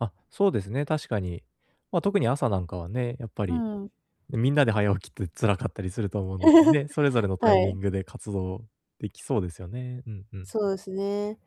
あ、そうですね、確かに。まあ、特に朝なんかはね、やっぱうり、ん。ね、みんなで早起きって辛かったりすると思うので ね、それぞれのタイはミい。ングで活動できそうですよね。うんうん。そうですね。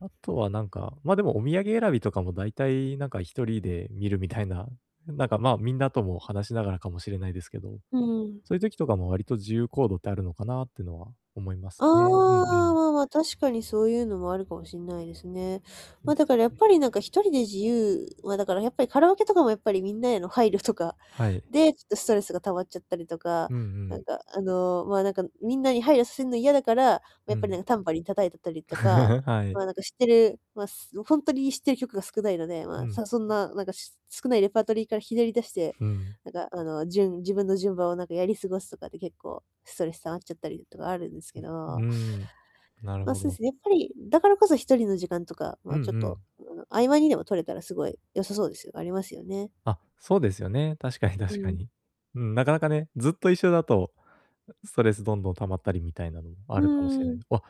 あとは、なんか、ま、でも、お土産選びとかも大体、なんか、1人で見るみたいな、なんか、まあ、みんなとも話しながらかもしれないですけど。うん。そういう時とかも、割と自由行動ってあるのかな、ってのは思いまあすね、うんうあ、ん。まあまあ、確かにそういうのもあるかもしんないですね。まあ、だから、やっぱり何か、1人で自由まあ、だから、やっぱりカラオケとかも、やっぱりみんなへの配慮とか、はい。で、ちょっとストレスが溜まっちゃったりとか。うんうなんん。か、あの、まあ、なんか、皆に配慮すんの嫌だから、もう、やうっぱり、ん。なん、タンバリン叩いてたりとか、はまい。あ、なんか、知ってるまあ、すほんとに、知ってる曲が少ないので、まうあ、ん。さそんな、なんか、し少ないレパートリーからひねり出して、うん。なんか、あの、じゅん自分の順番を、なんか、やり過ごすとかって結構、ストレス溜まっちゃったりとかあるんですけう、うど。ーん。なるまあ、ほそうど。すね。やっぱり、だからこそ、1人の時間とか、まうんあ、うちょっと、ん。あの、合間にでも取れたら、すごい良さそうですよありますよね。あ、そうですよね。確かにう確かん。に。うん、なかなかね、ずっと一緒だと、あ、ストレスどんどん溜まったりみたいなのもあうるかもしれなーいんん。で。あ、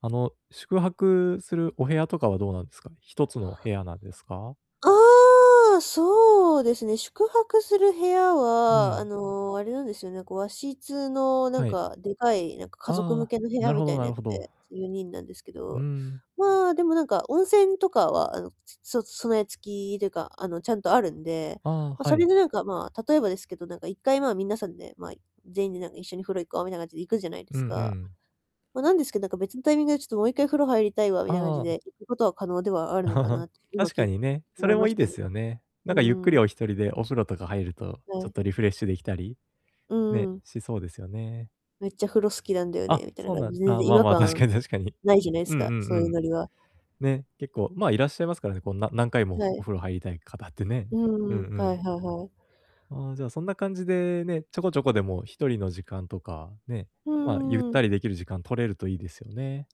あの、宿泊するお部屋とかはどうなんですかね、1つの部屋なんですか？ああ！そうですね、宿泊する部屋うは、あん。の、あれなんですよね、こう、和室の、なんはい。か、でかい、なんか、家あ族ああ向あ。けの部屋なるみほたどいななやるつほで、ど。ちょ、4人なんですけうーど。ん。まあ、でも、なんか、温泉とかは、あの、ちょそ備え付きというか、あの、ちゃんとあるんで。あま、あ、はそれい。でなんか、まあ、例えばですけど、なんか、1回まあ、みんなさんで、まあ、全員で、なん「一緒に風呂行こう」みたいな感じで行くじゃないでうんすうか。ん。ま、なんですけど、なんか、別のタイミングで、ちょっと、「もう1回風呂入りたいわ」みたいな感じああ。で、行くことは可能ではあるのかな って、今、確聞かいにね、そ思いれもまし良いたでね。すよね。うなんか、ゆっくーりん。お1人でお風呂とか入ると、はちょっい。とリフレッシュできたり、うね、ん。しそうですよね。「めっちゃ風呂好きなんだよね」あ、みたいなそう感なんじで、全ああ、然違まあ和まあ、確感かに確かに。無いじゃないうすんうか、そんういううん。ノリは。ね、結構まあ、いらっしゃいますからね、こう、な何回もはおい。風呂入りたい方ってね。ううんうんうん、はいん。はいはい。ああ、じゃあ、そんな感じでね、ちょこちょこでも1人の時間とか、ね、うんまあ、ゆっうんうん。たりできる時間、取れると良いですよね。